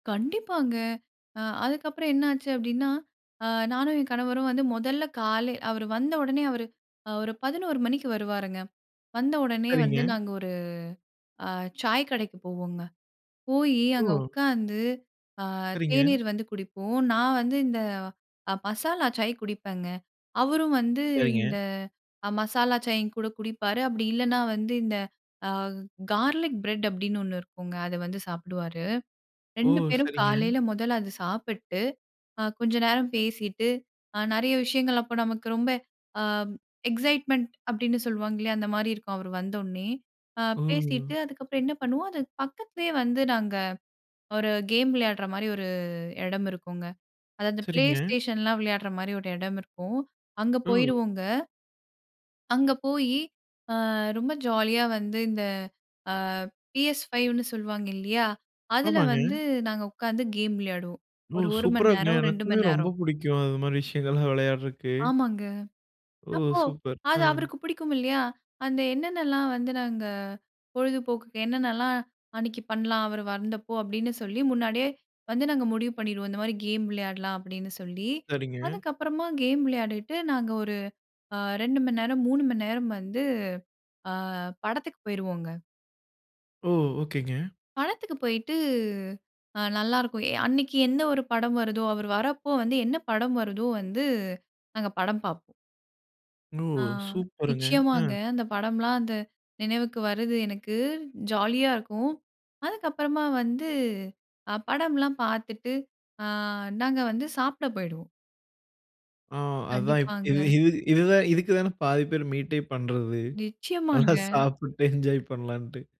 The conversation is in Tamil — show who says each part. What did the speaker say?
Speaker 1: கண்டிப்பாங்க. அ அதுக்கப்புறம் என்ன ஆச்சு அப்படின்னா, அ நானும் என் கணவரும் வந்து முதல்ல காலை அவரு வந்த உடனே அவரு அ ஒரு 11:00 மணிக்கு வருவாருங்க. வந்த உடனே
Speaker 2: சரிங்க.
Speaker 1: வந்து நாங்க ஒரு அ சாய் கடைக்கு போவோங்க. போய் அங்க
Speaker 2: ஓ!
Speaker 1: உட்காந்து அ
Speaker 2: சரிங்க.
Speaker 1: தேநீர் வந்து குடிப்போம். நான் வந்து இந்த அ மசாலா சாய் குடிப்பேங்க. அவரும் வந்து
Speaker 2: சரிங்க.
Speaker 1: இந்த அ மசாலா சாயும் கூட குடிப்பாரு. அப்படி இல்லைன்னா வந்து இந்த அ 'கார்லிக் ப்ரெட்' அப்படின்னு ஒன்னு இருக்குங்க. அதை வந்து சாப்பிடுவாரு.
Speaker 2: ஓ!
Speaker 1: 2 பேரும்
Speaker 2: சரிங்க.
Speaker 1: காலையில முதல்ல அதை சாப்பிட்டு. அ கொஞ்ச நேரம் பேசிட்டு அ நிறைய விஷயங்கள் அப்ப நமக்கு ரொம்ப அ எக்ஸைட்மென்ட் அப்படின்னு சொல்லுவாங்க இல்லையா! அந்த மாதிரி இருக்கும். அவர் வந்தோனே
Speaker 2: ஓ!
Speaker 1: பேசிட்டு அதுக்கப்புறம் என்ன பண்ணுவோம். அது பக்கத்துலயே வந்து நாங்க ஒரு கேம் விளையாடுற மாதிரி ஒரு இடம் இருக்குங்க. அதாவது
Speaker 2: சரிங்க.
Speaker 1: PlayStationலாம் விளையாடுற மாதிரி ஒரு இடம் இருக்கும். அங்க
Speaker 2: ம்.
Speaker 1: போயிடுவோங்க. அங்க போய் அ ரொம்ப ஜாலியா வந்து இந்த அ PS5ன்னு சொல்வாங்க இல்லையா, அதுல
Speaker 2: ஆமாங்க.
Speaker 1: வந்து நாங்க உட்கார்ந்து கேம் விளையாடுவோம்.
Speaker 2: ஓ!
Speaker 1: ஒரு 1
Speaker 2: சூப்பரா
Speaker 1: மணி
Speaker 2: இருக்குங்க.
Speaker 1: நேரம் 2
Speaker 2: எனக்குமே
Speaker 1: மணி
Speaker 2: ரொம்ப
Speaker 1: நேரம்.
Speaker 2: பிடிக்கும். அது மாதிரி விஷயங்கள்லாம் விளையாடறக்கு.
Speaker 1: ஆமாங்க.
Speaker 2: ஓ!
Speaker 1: அப்போ
Speaker 2: சூப்பர். அ.
Speaker 1: அது அவருக்கு பிடிக்கும் இல்லையா, அந்த என்னென்னலாம் வந்து நாங்க பொழுதுபோக்குக்கு என்னென்னலாம் அன்னைக்கு பண்ணலாம். அவர் வந்தப்போ அப்படின்னு சொல்லி, முன்னாடியே வந்து நாங்க முடிவு பண்ணிருவோம். இந்த மாதிரி கேம் விளையாடலாம். அப்படின்னு சொல்லி,
Speaker 2: சரிங்க.
Speaker 1: அதுக்கப்புறமா கேம் விளையாடிவிட்டு நாங்க ஒரு அ 2 மணி நேரம், 3 மணி நேரம் வந்து படத்துக்கு போயிருவோங்க.
Speaker 2: ஓ! ஓகேங்க.
Speaker 1: படத்துக்கு போயிட்டு அ நல்லா இருக்கும். அன்னைக்கு என்ன ஒரு படம் வருதோ, அவர் வரப்ப வந்து என்ன படம் வருதோ வந்து நாங்க படம் பார்ப்போம்.
Speaker 2: ஓ!
Speaker 1: ஆ,
Speaker 2: சூப்பருங்க.
Speaker 1: நிச்சயமாங்க.
Speaker 2: அ,
Speaker 1: அந்த படம்லாம் அந்த நினைவுக்கு வருது எனக்கு. ஜாலியா இருக்கும். அதுக்கப்புறமா வந்து அ படம்லாம் பார்த்துட்டு, அ நாங்க வந்து சாப்பிட போயிடுவோம்.
Speaker 2: ஆ, அதான் இப்போ இது
Speaker 1: கண்டிப்பாங்க.
Speaker 2: இது இதுதான், இதுக்கு தான பாதி பேர் மீட்டே பண்ணுறது. நல்லா
Speaker 1: நிச்சயமாங்க.
Speaker 2: சாப்பிட்டு என்ஜாய் பண்ணலான்ட்டு.